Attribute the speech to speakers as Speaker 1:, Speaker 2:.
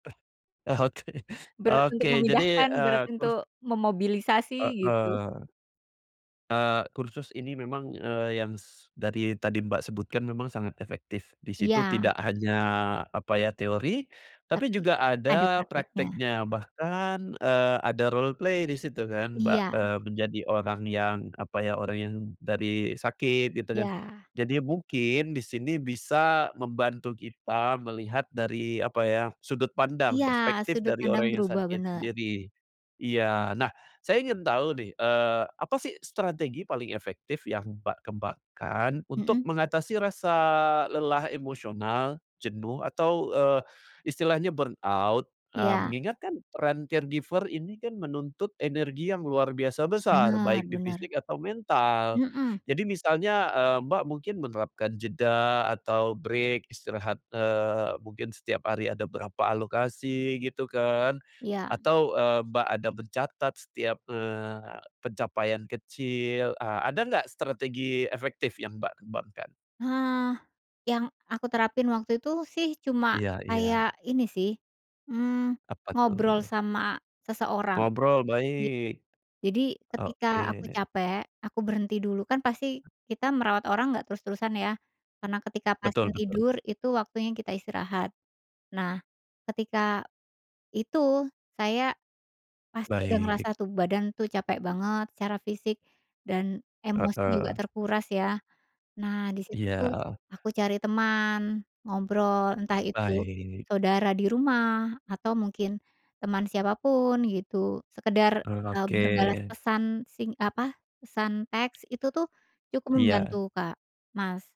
Speaker 1: Eh eh Oke.
Speaker 2: Berat untuk
Speaker 1: Oke, jadi,
Speaker 2: memindahkan,
Speaker 1: eee,
Speaker 2: berat
Speaker 1: terus
Speaker 2: untuk memobilisasi, gitu.
Speaker 1: Heeh. Eee, kursus ini memang, eee, yang s dari tadi Mbak sebutkan memang sangat efektif, di situ
Speaker 2: Iya.
Speaker 1: tidak hanya apa ya, teori, tapi
Speaker 2: Tapi
Speaker 1: juga
Speaker 2: ada
Speaker 1: ada
Speaker 2: prakteknya.
Speaker 1: prakteknya bahkan, eee, ada roleplay di situ kan ba
Speaker 2: Iya.
Speaker 1: eee, menjadi orang yang apa ya, orang yang dari sakit, gitu kan.
Speaker 2: Iya.
Speaker 1: Jadi mungkin di sini bisa membantu kita melihat dari apa ya, sudut pandang
Speaker 2: Iya,
Speaker 1: perspektif
Speaker 2: sudut
Speaker 1: dari
Speaker 2: pandang
Speaker 1: orang yang
Speaker 2: berubah,
Speaker 1: sakit
Speaker 2: bener.
Speaker 1: sendiri, iya. Nah, saya ingin tahu nih, eee, apa sih strategi paling efektif yang Mbak kembangkan untuk
Speaker 2: Mhm.
Speaker 1: mengatasi rasa lelah emosional, jenuh atau, eee, istilahnya burnout? Eee,
Speaker 2: Iya.
Speaker 1: mengingat kan trend caregiver ini kan menuntut energi yang luar biasa besar,
Speaker 2: Benar
Speaker 1: baik di
Speaker 2: benar.
Speaker 1: fisik atau mental.
Speaker 2: Mhm.
Speaker 1: Jadi misalnya, eee, Mbak mungkin menerapkan jeda atau break istirahat, eee, mungkin setiap hari ada berapa alokasi gitu kan,
Speaker 2: Iya.
Speaker 1: atau, eee, Mbak ada mencatat setiap, eee, pencapaian kecil, eee, ada nggak strategi efektif yang Mbak kembangkan?
Speaker 2: Eee, yang aku terapin waktu itu sih cuma
Speaker 1: Iya iya.
Speaker 2: kayak ini sih, eee,
Speaker 1: Apa tuh?
Speaker 2: ngobrol sama seseorang,
Speaker 1: Ngobrol,
Speaker 2: git
Speaker 1: baik.
Speaker 2: jadi ketika
Speaker 1: Oke.
Speaker 2: aku capek, aku berhenti dulu, kan pasti kita merawat orang nggak terus-terusan ya, karena ketika pasien
Speaker 1: Betul betul.
Speaker 2: tidur itu waktunya kita istirahat. Nah, ketika itu saya pasti udah ngerasa
Speaker 1: Baik.
Speaker 2: tuh badan tuh capek banget secara fisik dan emosi juga
Speaker 1: Heeh.
Speaker 2: terkuras, ya. Nah, di situ tuh
Speaker 1: Iya.
Speaker 2: aku cari teman, ngobrol, entah itu
Speaker 1: Baik.
Speaker 2: saudara di rumah atau mungkin teman siapa pun gitu, sekedar,
Speaker 1: Eee,
Speaker 2: eee, berbalas
Speaker 1: oke.
Speaker 2: pesan sing apa, pesan teks, itu tuh cukup membantu,
Speaker 1: Iya.
Speaker 2: Kak Mas.